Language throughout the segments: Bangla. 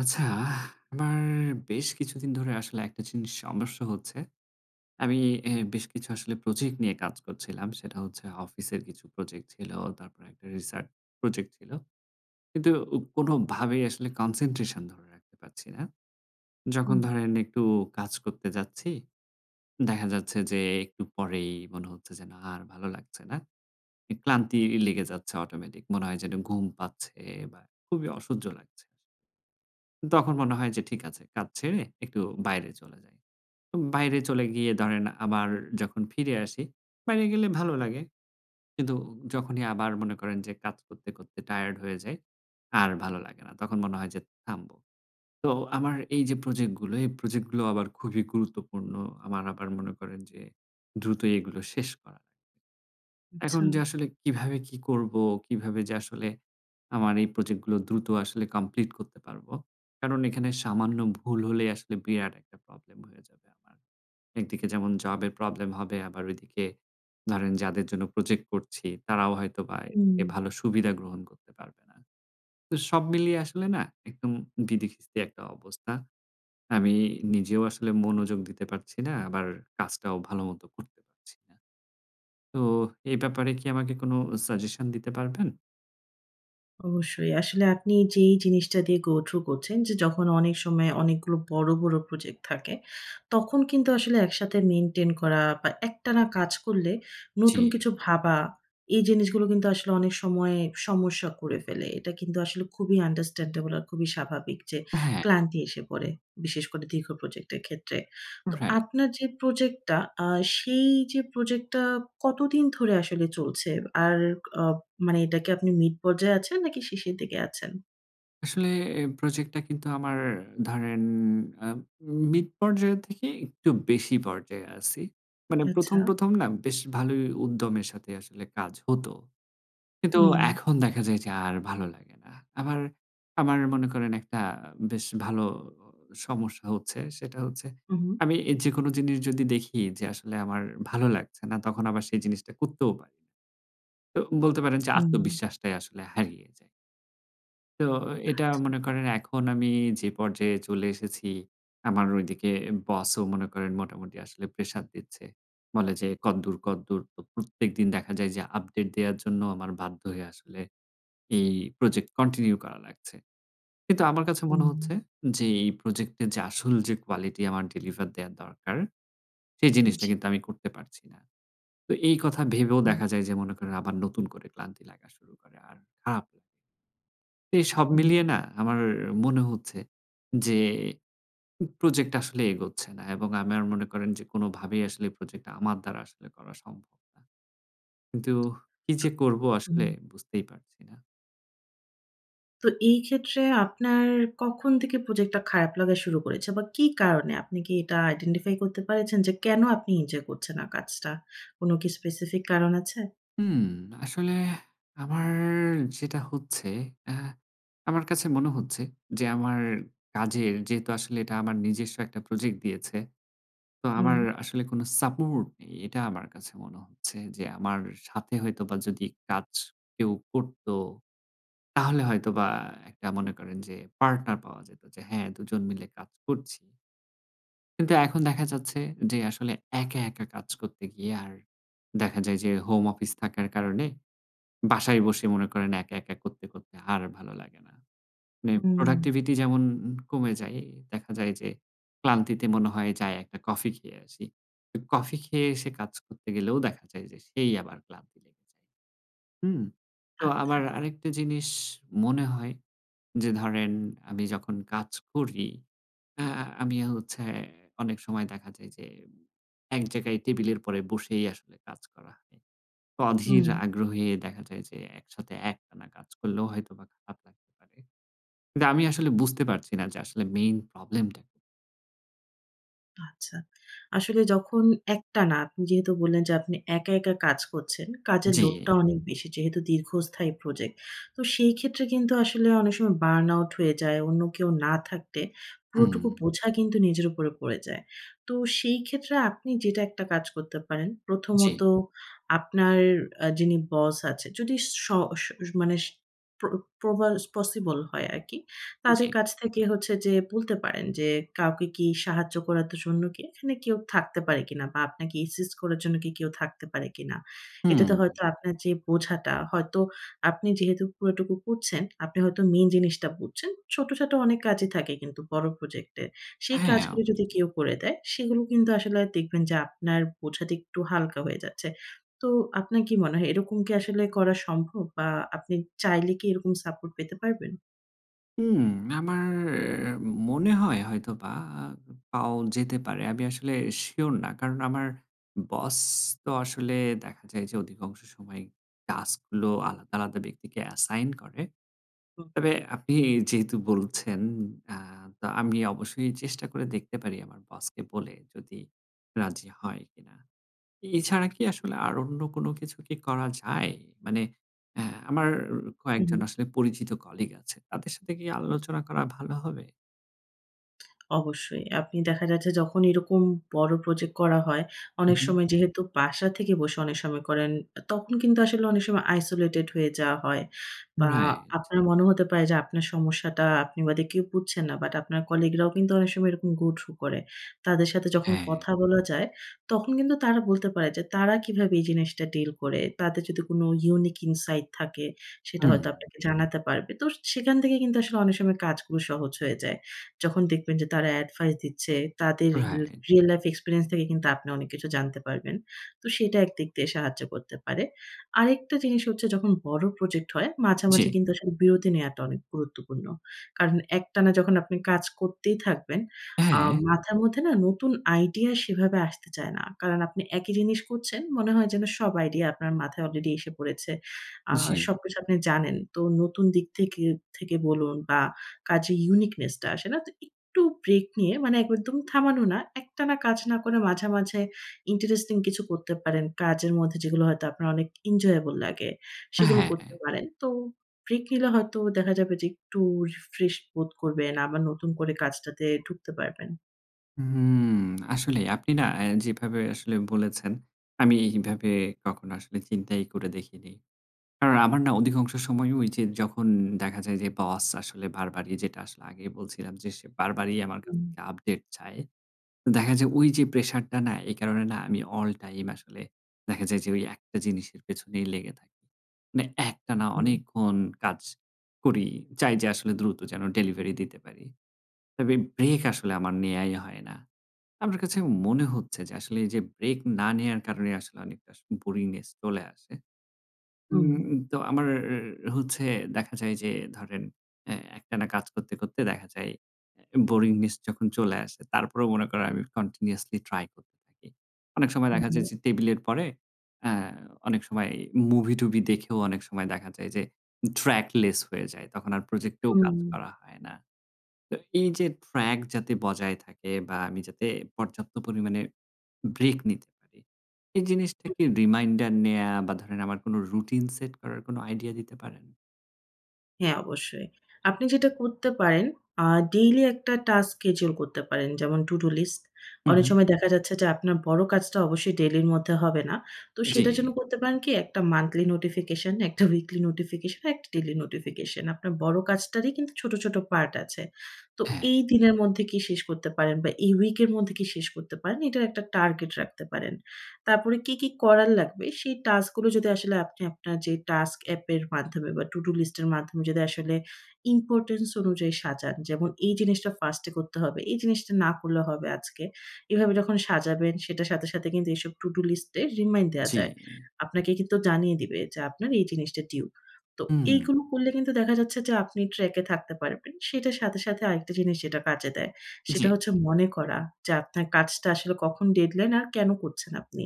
আচ্ছা, আমার বেশ কিছুদিন ধরে আসলে একটা জিনিস সমস্যা হচ্ছে। আমি এ বেশ কিছু আসলে প্রজেক্ট নিয়ে কাজ করছিলাম। সেটা হচ্ছে অফিসের কিছু প্রজেক্ট ছিল। তারপরে একটা রিসার্চ প্রজেক্ট ছিল। কিন্তু কোনভাবেই আসলে কনসেনট্রেশন ধরে রাখতে পারছি না। যখন উম ধরেন একটু কাজ করতে যাচ্ছি, দেখা যাচ্ছে যে একটু পরেই মনে হচ্ছে, যেন আর ভালো লাগছে না। এ ক্লান্তি লেগে যাচ্ছে অটোমেটিক মনে হয় যেন ঘুম পাচ্ছে, বা খুবই অসহ্য লাগছে তখন মনে হয়, যে ঠিক আছে, কাজ ছেড়ে একটু বাইরে চলে যাই। উ বাইরে চলে গিয়ে ধরেন আবার যখন ফিরে আসি, বাইরে গেলে ভালো লাগে। কিন্তু যখনই আবার মনে করেন যে কাজ করতে, করতে টায়ার্ড হয়ে যাই, আর ভালো লাগে না। তখন মনে হয় যে থামব। তো আমার এই যে প্রজেক্ট গুলো, এই প্রজেক্ট গুলো আবার খুবই গুরুত্বপূর্ণ। আমার আবার মনে করেন যে দ্রুতই এগুলো শেষ করা এখন আচ্ছা। যে আসলে কিভাবে কি করবো, কিভাবে যে আসলে আমার এই প্রজেক্ট গুলো দ্রুত আসলে কমপ্লিট করতে পারব। কারণ এখানে সামান্য ভুল হলেই আসলে বিরাট একটা প্রবলেম হয়ে যাবে আবার। একদিকে যেমন জবের প্রবলেম হবে, আবার ওইদিকে ধরেন যাদের জন্য প্রজেক্ট করছি, তারাও হয়তোবা এর এ উম ভালো সুবিধা গ্রহণ করতে পারবে না। তো সব মিলিয়ে আসলে না একদম বিদি খিস্তি একটা অবস্থা। আমি নিজেও আসলে মনোযোগ দিতে পারছি না, আবার কাজটাও ভাল মত করতে পারছি না। তো এই ব্যাপারে কি আমাকে কোন সাজেশন দিতে পারবেন? অবশ্যই। আসলে আপনি যেই জিনিসটা দিয়ে গো থ্রু করছেন, যে যখন অনেক সময় অনেকগুলো বড়, বড় প্রজেক্ট থাকে, তখন কিন্তু আসলে একসাথে মেইনটেইন করা, বা একটানা কাজ করলে নতুন জি। কিছু ভাবা, এই জিনিসগুলো কিন্তু আসলে অনেক সময় সমস্যা করে ফেলে। এটা কিন্তু আসলে খুবই আন্ডারস্ট্যান্ডেবল আর খুবই স্বাভাবিক যে হ্যাঁ। ক্লান্তি এসে পড়ে। বিশেষ করে, দীর্ঘ প্রজেক্ট এর ক্ষেত্রে। তো রাইট। আপনার যে প্রজেক্টটা, আ সেই যে প্রজেক্টটা কতদিন ধরে আসলে চলছে? আর অ মানে এটা কি আপনি মিড পর্যায়ে আছেন? নাকি শেষের দিকে আছেন? আসলে এ প্রজেক্ট টা কিন্তু আমার ধরেন, আ মিড পর্যায়ের থেকে একটু বেশি পর্যায়ে আছি। মানে আচ্ছা। ১ম, ১ম না? বেশ ভালোই উদ্যমের সাথে আসলে কাজ হত। কিন্তু হুম। এখন দেখা যায় যে, আর ভালো লাগে না। আমার, আমার মনে করেন একটা বেশ ভালো সমস্যা হচ্ছে। সেটা হচ্ছে, উম আমি যেকোনো জিনিস যদি দেখি, যে আসলে আমার ভালো লাগছে না, তখন আবার সেই জিনিসটা করতেও পারি। তো বলতে পারেন যে, হুম। আত্মবিশ্বাসটাই আসলে হারিয়ে যায়। তো, এটা আচ্ছা। মনে করেন এখন আমি যে পর্যায়ে চলে এসেছি, আমার ঐদিকে বসও মনে করেন মোটামুটি আসলে প্রেশার দিচ্ছে। বলে যে, "কদ্দূর, কদ্দূর?" তো প্রত্যেকদিন দেখা যায় যে, আপডেট দেয়ার জন্য আমার বাধ্য হয়ে আসলে এই প্রজেক্ট কন্টিনিউ করা লাগছে। কিন্তু আমার কাছে মনে হচ্ছে, উম যে এই প্রজেক্টের যে আসল যে কোয়ালিটি আমার ডেলিভার দেয়া দরকার। সেই উ জিনিসটা জি। কিন্তু আমি করতে পারছি না। তো এই কথা ভেবেও হু। দেখা যায়, যে মনে করেন আবার নতুন করে ক্লান্তি লাগা শুরু করে। আর খারাপ এই সব হুম। মিলিয়ে না আমার মনে হচ্ছে যে, উ প্রজেক্ট আসলে এগোচ্ছে না। এবং আমার মনে করেন যে, কোনভাবেই আসলে এই প্রজেক্ট টা আমার দ্বারা আসলে করা সম্ভব হচ্ছে না। কিন্তু কী যে করব? আসলে অ বুঝতেই পারছি না। তো, এই ক্ষেত্রে আপনার কখন থেকে প্রজেক্ট টা খারাপ লাগা শুরু করেছে? বা কি কারণে? আপনি কি এটা আইডেন্টিফাই করতে পারেছেন, যে কেন আপনি এনজয় করছেন না কাজটা? কোন কি স্পেসিফিক কারণ আছে? হুম। আসলে আমারর যেটা হচ্ছে, আ আমার কাছে মনে হচ্ছে যে, আমার কাজের যেহেতু আসলে এটা আমার নিজস্ব একটা প্রজেক্ট দিয়েছে। তো আমার হুম। আসলে কোন সাপোর্ট নেই। এটা আমার কাছে মনে হচ্ছে যে, আমার সাথে হয়তোবা যদি কাজ কেউ করতো। তাহলে হয়তোবা একটা মনে করেন যে, পার্টনার পাওয়া যেত যে হ্যাঁ, দুজন মিলে কাজ করছি কিন্তু, এখন দেখা যাচ্ছে, যে আসলে একা, একা কাজ করতে গিয়ে আর দেখা যায় যে, হোম অফিস থাকার কারণে, বাসায় বসে মনে করেন একা, একা করতে, করতে আর ভালো লাগে না। মানে হু, উম প্রোডাক্টিভিটি যেমন কমে যায়, দেখা যায় যে ক্লান্তিতে মনে হয়, যাই একটা কফি খেয়ে আসি। এ কফি খেয়ে এসে কাজ করতে গেলেও দেখা যায়, যে, সেই আবার ক্লান্তি লেগে যায় হুম? তো আচ্ছা। আবার আরেকটা জিনিস মনে হয়, যে ধরেন আমি যখন কাজ করি। আ আমি হচ্ছে অনেক সময় দেখা যায় যে, উ এক জায়গায় টেবিলের পরে বসেই আসলে কাজ করা হয়। অধীর উম আগ্রহে দেখা যায় যে, একসাথে একটানা কাজ করলেও হয়তোবা খারাপ লাগতে পারে। কিন্তু আমি আসলে বুঝতে পারছি না যে আসলে মেইন প্রবলেম টা। আচ্ছা, আসলে যখন একটানা আপনি যেহেতু বললেন, যে আপনি একা, একা কাজ করছেন, কাজের জি। লোডটা অনেক বেশি। যেহেতু দীর্ঘস্থায়ী প্রজেক্ট, তো সেই ক্ষেত্রে কিন্তু আসলে অনেক সময় বার্ন আউট হয়ে যায়। অন্য কেউ না থাকতে পুরোটুকু উম বোঝা কিন্তু নিজের উপরে পড়ে যায়। তো সেই ক্ষেত্রে আপনি যেটা একটা কাজ করতে পারেন, জি। প্রথমত আপনার আ যিনি বস আছে যদি শ শ মানে সে প্র প্রবালস পসিবল হয় আরকি। তাদের জি। কাছ থেকে হচ্ছে যে বলতে পারেন যে কাউকে কি সাহায্য করাতে জন্যকে এখানে কেউ থাকতে পারে কিনা? বা আপনাকে অ্যাসিস্ট করার জন্য কি কেউ থাকতে পারে কিনা? এটাতে হুম। হয়তো আপনার যে বোঝাটা হয়তো আপনি যেহেতু পুরোটুকু করছেন, আপনি হয়তো মেইন জিনিসটা বুঝছেন। ছোট, ছাট অনেক কাজই থাকে কিন্তু বড় প্রজেক্টে। সেই হ্যাঁ, কাজগুলো যদি অবশ্যই। কেউ করে দেয়, সেগুলো কিন্তু আসলে দেখবেন যে আপনার বোঝাটা একটু হালকা হয়ে যাচ্ছে। তো আপনার কি মনে হয়, এরকম কি আসলে করা সম্ভব? বা আপনি চাইলে কি এরকম সাপোর্ট পেতে পারবেন? হুম, আমার এ মনে হয় হয়তোবা আর পাওয়াও যেতে পারে। আমি আসলে সিওর না, কারণ আমার বস তো আসলে দেখা যায় যে অধিকাংশ সময় টাস্ক গুলো আলাদা, আলাদা ব্যক্তিকে অ্যাসাইন করে। হুম। তবে আপনি যেহেতু বলছেন, আ তো আমি অবশ্যই চেষ্টা করে দেখতে পারি, আমার বসকে বলে যদি রাজি হয় কিনা। এছাড়া কি আসলে আর অন্য কোন কিছু কি করা যায়? মানে এহ আমার কয়েকজন উম আসলে পরিচিত কলিগ আছে, তাদের সাথে কি আলোচনা করা ভালো হবে? অবশ্যই। আপনি দেখা যাচ্ছে, যখন এরকম বড় প্রজেক্ট করা হয়, উ অনেক হুম। সময় যেহেতু বাসা থেকে বসে অনেক সময় করেন। তখন কিন্তু আসলে অনেক সময় আইসোলেটেড হয়ে যাওয়া হয়। বা রাইট। আপনার মনে হতে পারে, যে আপনার সমস্যাটা আপনি বাদে কেউ বুঝছে না। বাট আপনার কলিগ রাও কিন্তু অনেক সময় এরকম গো থ্রু করে। তাদের সাথে যখন হ্যাঁ। কথা বলা যায়, তখন কিন্তু তারা বলতে পারে যে তারা কীভাবে এই জিনিসটা ডিল করে। তাদের যদি কোন ইউনিক ইনসাইড থাকে, সেটা হুম। হয়তো আপনাকে জানাতে পারবে। তো সেখান থেকে কিন্তু আসলে অনেক সময় কাজগুলো সহজ হয়ে যায়। যখন দেখবেন যে তারা এডভাইস দিচ্ছে, তাদের রি রাইট। রিয়াল লাইফ এক্সপেরিয়েন্স থেকে কিন্তু আপনি অনেক কিছু জানতে পারবেন। তো সেটা একদিক দিয়ে সাহায্য করতে পারে। আরেকটা জিনিস হচ্ছে, যখন বড় প্রজেক্ট হয় মাঝে, জি। মাঝে কিন্তু আসলে বিরতি নেয়াটা অনেক গুরুত্বপূর্ণ। কারণ একটানা যখন আপনি কাজ করতেই থাকবেন, আ হ্যাঁ। মাথার মধ্যে না, নতুন আইডিয়া সেভাবে আসতে চায় না। কারণ আপনি একই জিনিস করছেন, মনে হয় যেন সব আইডিয়া আপনার মাথায় অলরেডি এসে পড়েছে। আ জি। সবকিছু আপনি জানেন। তো নতুন দিক থেকে থেকে বলুন, বা কাজে ইউনিকনেস টা আসে না। তো একটু ব্রেক নিয়ে মানে একদম থামানো না। একটানা কাজ না করে মাঝে, মাঝে ইন্টারেস্টিং কিছু করতে পারেন। কাজের মধ্যে যেগুলো হয়তো আপনার অনেক এনজয়েবল লাগে সেগুলো করতে হ্যাঁ। পারেন। তো ব্রেক নিলে হয়তো দেখা যাবে যে একটু রিফ্রেশ বোধ করবেন, আবার নতুন করে কাজটাতে ঢুকতে পারবেন। হুম, আসলেই আপনি না, এ যেভাবে আসলে বলেছেন, আমি এইভাবে কখনো আসলে চিন্তাই করে দেখিনি। কারণ আমার না অধিকাংশ সময় ওই যে যখন দেখা যায়, যে বস আসলে বারবারই যেটা আসলে আগেই বলছিলাম, যে সে বারবারই আমার কাছ হুম। থেকে আপডেট চায়। দেখা যায়, ঐ যে প্রেশারটা না এই কারণে না আমি অলটাইম আসলে দেখা যায়, যে ঐ একটা জিনিসের পেছনেই লেগে থাকি। মানে একটানা হুম। অনেকক্ষণ কাজ করি। চাই যে আসলে দ্রুত যেন ডেলিভারি দিতে পারি। তবে ব্রেক আসলে আমার নেয়াই হয় না। আমার কাছে মনে হচ্ছে, যে আসলে এই যে ব্রেক না নেয়ার কারণে আসলে অনেকটা স বোরিংনেস চলে আসে। হুম। উম তো আমার হচ্ছে দেখা যায় যে ধরেন এ একটানা কাজ করতে করতে দেখা যায়, এ বোরিংনেস যখন চলে আসে তারপরেও মনে করে আমি কন্টিনিউয়াসলি ট্রাই করতে থাকি। অনেক সময় হু, দেখা যায়, হুম। যে টেবিলের পরে অ্যা অনেক সময় মুভি-টুভি দেখেও অনেক সময় দেখা যায়, যে ট্র্যাক লেস হয়ে যায়। তখন আর প্রজেক্টেও কাজ উম করা হয় না। তো এই যে ট্র্যাক যাতে বজায় থাকে, বা আমি যাতে পর্যাপ্ত পরিমাণে ব্রেক নিতে পারি, এই জিনিসটা হু। কি রিমাইন্ডার নেয়া বা ধরেন আমার কোন রুটিন সেট করার কোনো আইডিয়া দিতে পারেন? হ্যাঁ, অবশ্যই। আপনি যেটা করতে পারেন, আ ডেইলি একটা টাস্ক স্কেডিউল করতে পারেন। যেমন to-do list হু, অনেক হুম। সময় দেখা যাচ্ছে যে আপনার বড় কাজটা অবশ্যই ডেইলির মধ্যে হবে না। তো সেটার জন্য জি। করতে পারেন কি, একটা মান্থলি নোটিফিকেশন, একটা উইকলি নোটিফিকেশন, একটা ডেইলি নোটিফিকেশন। আপনার বড় কাজটারই কিন্তু ছোট, ছোট পার্ট আছে। তো হ্যাঁ। এই দিনের মধ্যে কি শেষ করতে পারেন, বা এই উইকের মধ্যে কি শেষ করতে পারেন এটার একটা টার্গেট রাখতে পারেন। তারপরে কি, কি করার লাগবে, সেই টাস্কগুলো যদি আসলে আপনি আপনার যে টাস্ক এ্যাপের মাধ্যমে বা to-do list এর মাধ্যমে যদি আসলে ইম্পোর্টেন্স অনুযায়ী সাজান। যেমন এই জিনিসটা ফার্স্টে করতে হবে, এই জিনিসটা না করলে হবে আজকে। এভাবে যখন সাজাবেন, সেটার সাথে সাথে কিন্তু এসব to-do list এ রিমাইন্ড দেয়া জি। যায়। আপনাকে কিন্তু জানিয়ে দিবে যে আপনার এই জিনিসটা টিউব। তো হুম। এইগুলো করলে কিন্তু দেখা যাচ্ছে যে আপনি ট্র্যাক এ থাকতে পারবেন। সেটার সাথে, সাথে আরেকটা জিনিস যেটা কাজে দেয়। সেটা জি। হচ্ছে মনে করা যে আপনার কাজটা আসলে কখন ডেডলাইন আর কেন করছেন আপনি।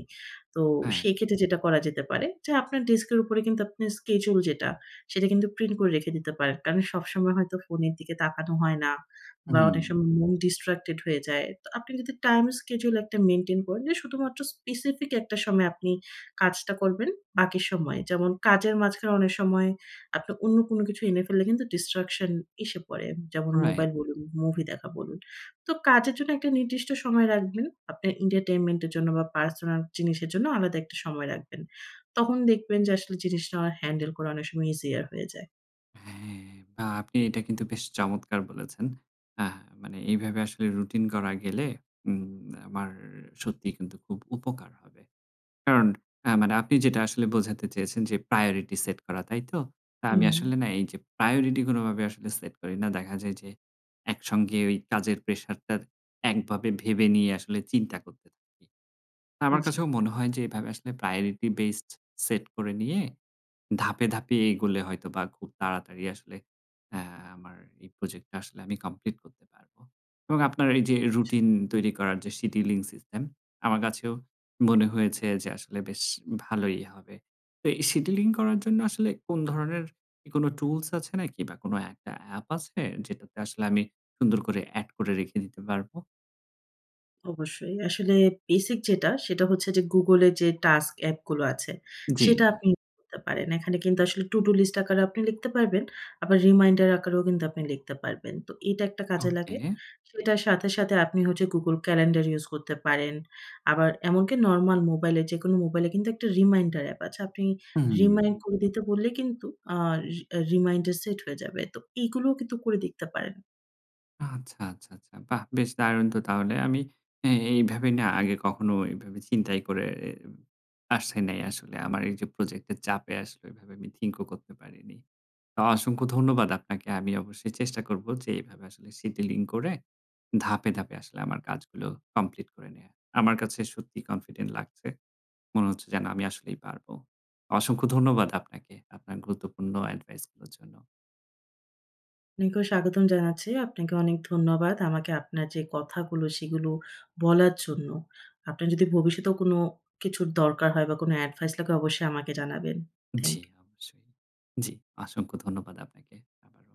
তো হ্যাঁ। সেই ক্ষেত্রে যেটা করা যেতে পারে যে আপনার ডেস্কের উপরে কিন্তু আপনার স্কেডিউল যেটা সেটা কিন্তু প্রিন্ট করে রেখে দিতে পারেন। কারণ সবসময় হয়তো ফোনের দিকে তাকানো হয় না, বা অনেক হুম। সময় মন ডিসট্রাক্টেড হয়ে যায়। তো আপনি যদি টাইম স্কেডিউল একটা মেইনটেইন করেন যে শুধুমাত্র স্পেসিফিক একটা সময় আপনি কাজটা করবেন বাকি সময়ে যেমন কাজের মাঝখানে অনেক সময় আপনি অন্য কোন কিছু এনে ফেললে কিন্তু ডিসট্রাকশন এসে পড়ে। যেমন রাইট। মোবাইল বলুন, মুভি দেখা বলুন। তো কাজের জন্য একটা নির্দিষ্ট সময় রাখবেন। আপনার এন্টারটেইনমেন্ট এর জন্য বা পার্সোনাল জিনিসের জন্য আলাদা একটা সময় রাখবেন। তখন দেখবেন যে আসলে জিনিসটা হ্যান্ডেল করা অনেক সময় ইজিয়ার হয়ে যায়। হ্যাঁ। বাহ! আপনি এটা কিন্তু বেশ চমৎকার বলেছেন। আহ মানে এইভাবে আসলে রুটিন করা গেলে, উম আমার সত্যিই কিন্তু খুব উপকার হবে। কারন, আ মানে আপনি যেটা আসলে বোঝাতে চেয়েছেন যে প্রায়োরিটি সেট করা, তাই তো? আমি হুম। আসলে না এই যে, প্রায়োরিটি কোনভাবে আসলে সেট করি না। দেখা যায় যে, একসঙ্গে ওই কাজের প্রেশার টা একভাবে ভেবে নিয়ে আসলে চিন্তা করতে থাকি। আমার জি। কাছেও মনে হয় যে এভাবে আসলে প্রায়োরিটি বেসড সেট করে নিয়ে ধাপে, ধাপে এগোলে হয়তোবা খুব তাড়াতাড়ি আসলে আমার এই প্রজেক্টটা আসলে আমি কমপ্লিট করতে পারব এবং আপনার এই যে রুটিন তৈরি করার যে সিডিউলিং সিস্টেম, আমার কাছেও মনে হয়েছে যে আসলে বেশ ভালোই হবে। তো এই সিডিউলিং করার জন্য আসলে কোন ধরনের এ কোন টুলস আছে নাকি বা কোন একটা অ্যাপ আছে, যেটাতে আসলে আমি সুন্দর করে এড করে রেখে দিতে পারব? অবশ্যই। আসলে বেসিক যেটা, সেটা হচ্ছে যে Google যে টাস্ক অ্যাপ গুলো আছে, সেটা জি। আপনি ইউস করতে পারেন। এখানে কিন্তু আসলে to-do List আকারেও আপনি লিখতে পারবেন, আবার রিমাইন্ডার আকারেও কিন্তু আপনি লিখতে পারবেন। তো এটা একটা কাজে লাগে। ওকে। সেটার সাথে, সাথে আপনি হচ্ছে Google Calendar ইউস করতে পারেন, আবার এমনকি নরমাল মোবাইলে, যেকোনো মোবাইলে কিন্তু একটা রিমাইন্ডার অ্যাপ আছে। আপনি হুম। রিমাইন্ড করে দিতে বললে কিন্তু আ রি রিমাইন্ডার সেট হয়ে যাবে। তো এগুলোও কিন্তু করে দেখতে পারেন। আচ্ছা, আচ্ছা, আচ্ছা। বাহ! বেশ দারুণ তো তাহলে। আমি এ এইভাবেই না আগে কখনো এইভাবে চিন্তাই করে রেম আসছে নাই আসলে। আমার এই যে প্রজেক্টের চাপে আসলে এভাবে আমি থিংক ও করতে পারিনি। অসংখ্য ধন্যবাদ আপনাকে। আমি অবশ্যই চেষ্টা করব যে, এভাবে আসলে সিডিউলিং করে ধাপে, ধাপে আসলে আমার কাজগুলো কমপ্লিট করে নেয়া। আমার কাছে সত্যিই কনফিডেন্ট লাগছে। মনে হচ্ছে যেন আমি আসলেই পারব। অসংখ্য ধন্যবাদ আপনাকে, আপনার গুরুত্বপূর্ণ এডভাইস গুলোর জন্য। আপনাকেও স্বাগতম জানাচ্ছি, আপনাকে অনেক ধন্যবাদ। আমাকে আপনার যে কথাগুলো, সেগুলো বলার জন্য। আপনার যদি ভবিষ্যতেও কোন কিছুর দরকার হয় বা কোন এডভাইস লাগে অবশ্যই আমাকে জানাবেন। থ্যাংক জি, ইউ। অবশ্যই। জি, অসংখ্য ধন্যবাদ আপনাকে আবারও।